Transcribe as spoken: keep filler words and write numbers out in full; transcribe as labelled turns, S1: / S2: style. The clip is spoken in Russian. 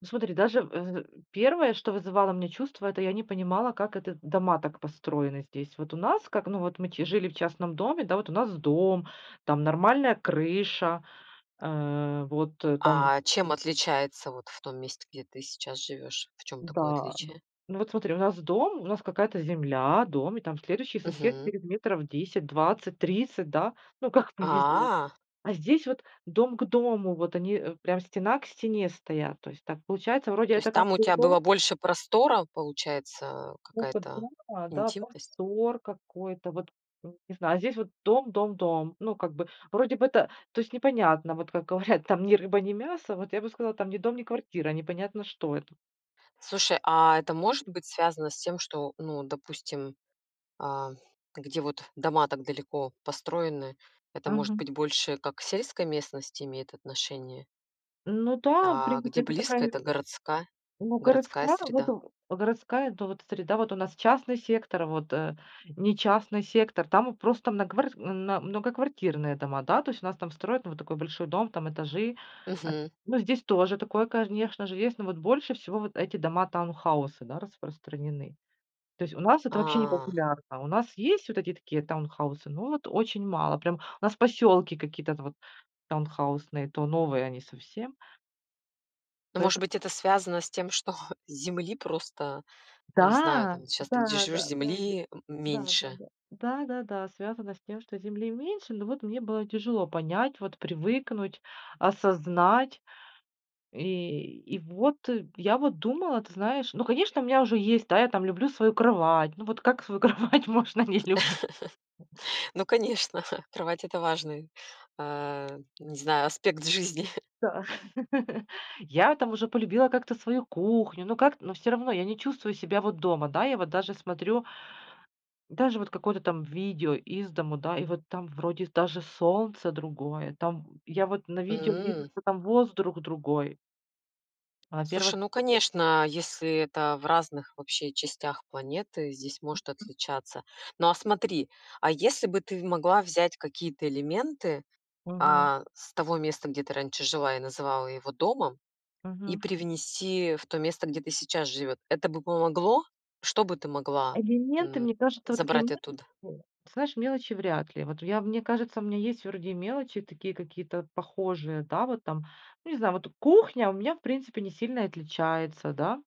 S1: Ну смотри, даже в, э, первое, что вызывало у меня чувство, это я не понимала, как это дома так построены здесь. Вот у нас как, ну, вот мы чи жили в частном доме, да, вот у нас дом, там нормальная крыша, э, вот там
S2: А чем отличается вот в том месте, где ты сейчас живёшь? В чём такое
S1: Да.
S2: отличие?
S1: Ну, вот смотри, у нас дом, у нас какая-то земля, дом, и там следующий сосед
S2: Мгм.
S1: через метров десять, двадцать, тридцать, да. Ну, как повезёт.
S2: А.
S1: А здесь вот дом к дому. Вот они, э, прям стена к стене стоят. То есть так получается, вроде
S2: То есть
S1: это
S2: там
S1: как
S2: у
S1: бы и
S2: тебя
S1: дом.
S2: было больше простора, получается,
S1: Стока
S2: какая-то
S1: думала, да.
S2: интимность?
S1: Простор какой-то, вот, э, не знаю. А здесь вот дом, дом, дом. Ну, как бы, вроде бы, это то есть непонятно, вот как говорят, там: ни рыба ни мясо, вот я бы сказала, там: ни дом, ни квартира, а непонятно, что это.
S2: Слушай, а это может быть связано с тем, что, ну, допустим, а, где вот дома так далеко построены, это может
S1: Мгм.
S2: быть больше как к сельской местности имеет отношение?
S1: Ну да, в
S2: А, где
S1: принципе, это такая,
S2: близко,
S1: не, э
S2: это городская
S1: ну
S2: городская
S1: городская, вот
S2: среда.
S1: в городская, ну, вот среда, вот у нас частный сектор, вот, э, не частный сектор, там вот просто нагварс м, на, многоквартирные дома, да. То есть у нас там строят, ну, вот такой большой дом, там этажи. А,
S2: Мгм.
S1: ну, здесь тоже такое, кажнешно же, есть. Но вот больше всего вот эти дома-таунхаусы, да, распространены. То есть у нас это вообще не
S2: А.
S1: популярно. У нас есть вот эти такие таунхаусы, но вот очень мало. Прям. У нас поселки какие-то т вот таунхаусные, то новые они совсем.
S2: Ну, может
S1: Поэто
S2: быть, это связано с тем, что земли просто, ну, не знаю,
S1: Да,
S2: там, щас ты, где живешь,
S1: да-да-да,
S2: земли м
S1: да-да-да,
S2: меньше?
S1: да-да-да, связано с тем, что земли меньше, но вот мне было тяжело понять, вот привыкнуть, осознать. И и вот я вот думала, ты знаешь ну, конечно, у меня уже есть, да, я там люблю свою кровать. Ну, вот как свою кровать можно не люби
S2: Ну, конечно, кровать- это важный, э, не знаю, аспект жизни.
S1: Да. Я там уже полюбила как-то свою кухню, но как-то но всё равно я не чувствую себя вот дома, да. Я вот даже смотрю даже вот какое-то там видео из дому, да, и вот там, вроде, даже солнце другое там. Я вот на видео вижу,
S2: М.
S1: что там воздрух другой.
S2: Слушай,
S1: Во-первых
S2: ну конечно, если это в разных вообще частях планеты, здесь
S1: М,
S2: может
S1: м.
S2: отличаться. Но, а смотри, а если бы ты в могла взять какие-то элементы,
S1: Мгм.
S2: а, с того места, где ты раньше жила и называла его домом, и
S1: Мгм.
S2: привнести в то место, где ты сейчас живёт. Это бы помогло? Что бы ты могла,
S1: Элементы,
S2: м,
S1: мне кажется, вот такие
S2: забрать
S1: [unintelligible]
S2: оттуда?
S1: ты знаешь, мелочи вряд ли. Вот я мне кажется, у меня есть вроде и мелочи такие какие-то похожие, да, вот там, ну, не знаю, вот кухня у меня, в принципе, не сильно и отличается, да?